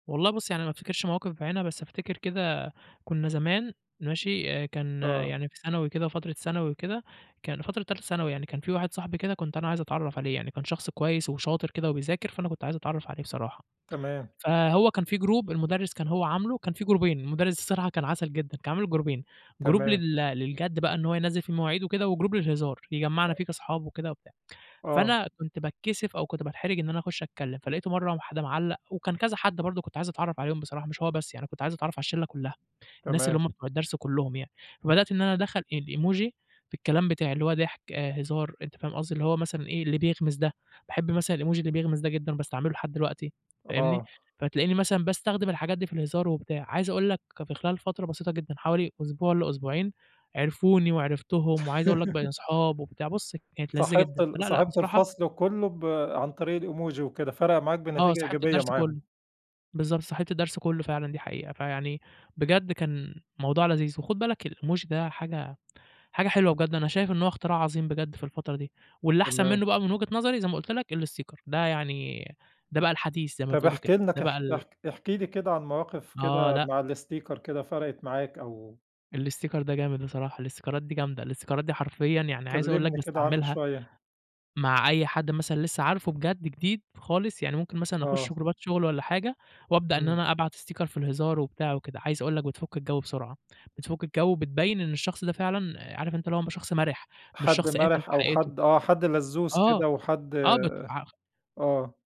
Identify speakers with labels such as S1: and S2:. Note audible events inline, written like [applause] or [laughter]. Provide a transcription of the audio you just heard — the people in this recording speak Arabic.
S1: والله بُص، يعني ما افتكرش مواقف بعينها بس افتكر كده كنّا زمان ماشي، آآ، كان
S2: آه.
S1: يعني في ثانوي كده فترة ثانوي وكده، كان فترة تالتة ثانوي يعني كان في واحد صحبي كده كنت أنا عايز اتعرّف عليه، يعني كان شخص كويس وشاطر كده وبيذاكر، فأنا كنت عايز اتعرّف عليه بصراحة.
S2: تمام.
S1: فهو كان في جروب المدرس كان هو عامله كان في جروبين المدرس الصرحة كان عسل جدًا، كان عامل جروبين، جروب
S2: تمام.
S1: لل للجد بقى إن هو ينزل في المواعيد وكده وجروب للهزار، يجمعنا فيه كاصحاب وكده وبتاع.
S2: آه.
S1: فأنا كنت باتكسف أو كنت باتحرج إن أنا اخش اتكلم، فلقيته مرّة واحد معلّق وكان كذا حد برضه كنت عايز اتعرّف عليهم بصراحة مش هو بس يعني كنت عايز اتعرّف على الشلة كلّها، الناس اللي
S2: تمام.
S1: هُم بتوع الدرس كلّهم يعني. فبدأت إن أنا ادخل الإيموجي في الكلام بتاعي، اللي هو ضحك آآ، هزار أنت فاهم قصدي، اللي هو مثلًا إيه اللي بيغمز ده، باحب مثلًا الإيموجي اللي بيغمز ده جدًا وباستعمله لحد دلوقتي، فاهمني.
S2: آه.
S1: فتلاقيني مثلًا باستخدم الحاجات دي في الهزار وبتاع، عايز اقول لك في خلال فترة بسيطة جدًا حوالي أسبوع لأسبوعين، عرفوني وعرفتهم وعايز اقول لك بقينا
S2: [chuckles]
S1: اصحاب وبتاع، بصُ كانت لذيذة
S2: صاحبت
S1: جدًا.
S2: ال
S1: فلأ، لأ،
S2: صاحبت
S1: بصراحة
S2: الفصل كلّه ب عن طريق الإيموجي وكده، فرق معاك
S1: آه،
S2: بنتيجة
S1: صاحبت
S2: إيجابية
S1: الدرس
S2: معاهم.
S1: كلّه. بالضبط، صاحبت الدرس كلّه فعلًا دي حقيقة. فيعني بجد كان موضوع لذيذ، وخُد بالك الإيموجي ده حاجة حاجة حلوة بجد أنا شايف إن هو اختراع عظيم بجد في الفترة دي، واللي احسن
S2: تمام.
S1: منُّه بقى من وجهة نظري زي ما قُلت لك، الإستيكر. ده يعني ده بقى الحديث زي ما
S2: طب
S1: بتقولوا
S2: احكِ
S1: كده،
S2: لنا
S1: ده بقى
S2: كح
S1: ال
S2: اح احكِ لي كده عن مواقف
S1: آه،
S2: كده
S1: لأ.
S2: مع الاستيكر كده فرقت معاك أو
S1: الاستيكر ده جامد بصراحة. الاستيكرات دي جامدة. الاستيكرات دي حرفيًا يعني عايز اقول لك
S2: كلمني كده عنُّه
S1: باستعملها،
S2: شوية.
S1: مع أي حد مثلًا لسه عارفه بجد جديد خالص، يعني ممكن مثلًا اخش
S2: آه.
S1: جروبات شغل والّا حاجة، وابدأ إن
S2: إمم.
S1: أنا أبعت استيكر في الهزار وبتاع وكده، عايز اقول لك بتفُك الجو بسرعة. بتفُك الجو وبتبين إن الشخص ده فعلًا آآ، عارف أنت اللي هو م شخص مَرِح مش
S2: حد
S1: شخص قافل في
S2: مَرِح أو
S1: حياته.
S2: حد آه، حد لزّوز
S1: آه،
S2: كده وحد
S1: آه بتع خ
S2: آه.